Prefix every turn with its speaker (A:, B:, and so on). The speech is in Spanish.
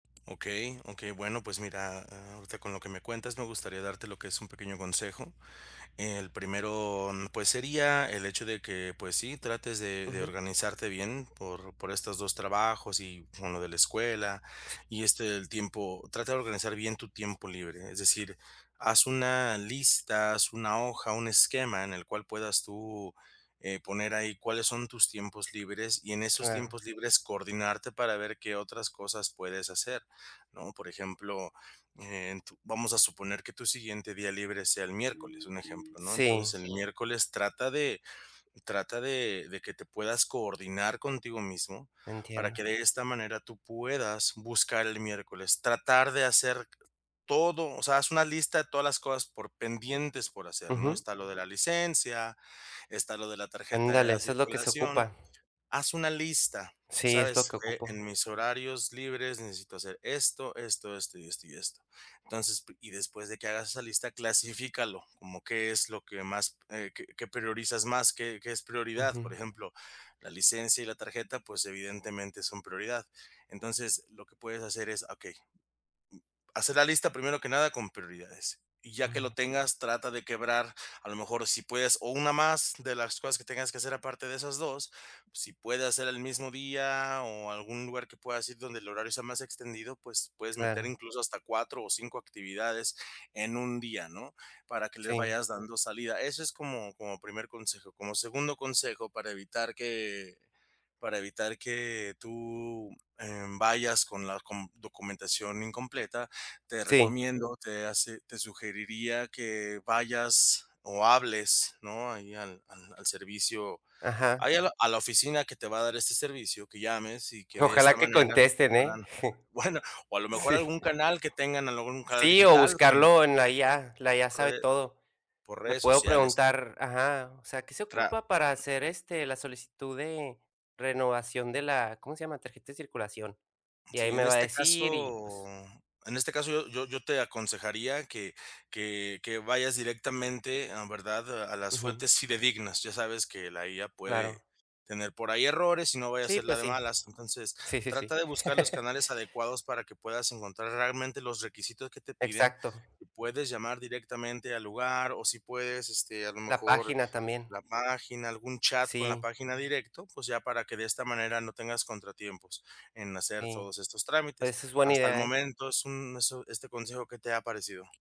A: Okey, okey. Bueno, pues mira, a ahorita con lo que me cuentas me gustaría darte lo que es un pequeño consejo. El primero, pues, sería el hecho de que, pues, sí, trates de de
B: Ujú.
A: organizarte bien por, por estos 2 trabajos y con lo de la escuela
B: Sí.
A: y, este, el tiempo trata de organizar bien tu tiempo libre. Es decir, haz una lista, haz una hoja, un esquema en el cual puedas tú, eh, poner ahí cuáles son tus tiempos libres y en esos
B: Claro.
A: tiempos libres coordinarte para ver qué otras cosas puedes hacer, ¿no? Por ejemplo, en tu vamos a suponer que tu siguiente día libre sea el miércoles, un ejemplo, ¿no?
B: Sí.
A: Entonces el miércoles trata de trata de de que te puedas coordinar contigo mismo para
B: Entiendo.
A: que de esta manera tú puedas buscar el miércoles, tratar de hacer todo. O sea, haz una lista de todas las cosas por pendientes por hacer, ¿no?
B: Ujú.
A: Está lo de la licencia, está lo de la tarjeta de
B: Ándale,
A: la
B: eso es lo que se
A: circulación.
B: ocupa.
A: Haz una lista,
B: Sí, es lo
A: ¿sabes?
B: que
A: Eh:
B: ocupo.
A: "En mis horarios libres necesito hacer esto, esto, esto y esto y esto". Entonces, p y después de que hagas esa lista, clasifícalo como qué es lo que más, eh, qué qué priorizas más, qué qué es prioridad.
B: Ujú.
A: Por ejemplo, la licencia y la tarjeta, pues evidentemente son prioridad. Entonces, lo que puedes hacer es, okey hacer la lista primero que nada con prioridades. Y ya que lo
B: Uh.
A: tengas, trata de quebrar, a lo mejor si puedes o una más de las cosas que tengas que hacer aparte de esas 2, si puede hacer el mismo día o algún lugar que puedas ir donde el horario sea más extendido, pues puedes meter
B: Claro.
A: incluso hasta 4 o 5 actividades en un día, ¿no? Para que le
B: Sí.
A: vayas dando salida. Eso es como como primer consejo. Como segundo consejo, para evitar que para evitar que tú, eh, vayas con la com documentación incompleta, te
B: Sí.
A: recomiendo, te hace te sugeriría que vayas o hables, ¿no? Ahí al al al servicio
B: Ajá.
A: ahí a la a la oficina que te va a dar este servicio, que llames y que de esta
B: Ojalá que
A: manera
B: contesten, ¿eh?
A: puedan bueno, o a lo mejor
B: Sí.
A: algún canal que tengan, algún canal
B: Sí, o
A: digital como
B: buscarlo en la IA, la IA
A: por
B: sabe
A: rede
B: todo.
A: por
B: Le
A: redes
B: puedo
A: sociales.
B: preguntar: "Ajá, o sea, ¿qué se
A: Tra
B: ocupa para hacer, este, la solicitud de renovación de la ¿cómo se llama?, tarjeta de circulación?" Y ahí
A: Sí,
B: me
A: en
B: va a
A: este
B: decir y
A: caso
B: pues...
A: en este caso yo yo yo te aconsejaría que que que vayas directamente, em, ¿verdad?, a las
B: Ujú.
A: fuentes fidedignas. Ya sabes que la IA puede
B: Claro.
A: tener por ahí errores y no vaya a
B: Sí,
A: ser la
B: pues
A: de
B: sí.
A: malas. Entonces,
B: Sí, sí,
A: trata
B: sí.
A: de buscar los canales adecuados para que puedas encontrar realmente los requisitos que te piden.
B: Exacto.
A: Puedes llamar directamente al lugar o si puedes, este, a lo
B: La
A: mejor
B: página también.
A: la página, algún chat con la
B: Sí.
A: página directo, pues, ya para que de esta manera no tengas contratiempos en hacer
B: Sí.
A: todos estos trámites.
B: Pues, es buena
A: Hasta el
B: idea, ¿eh?
A: momento es un eso, este consejo, ¿qué te ha parecido?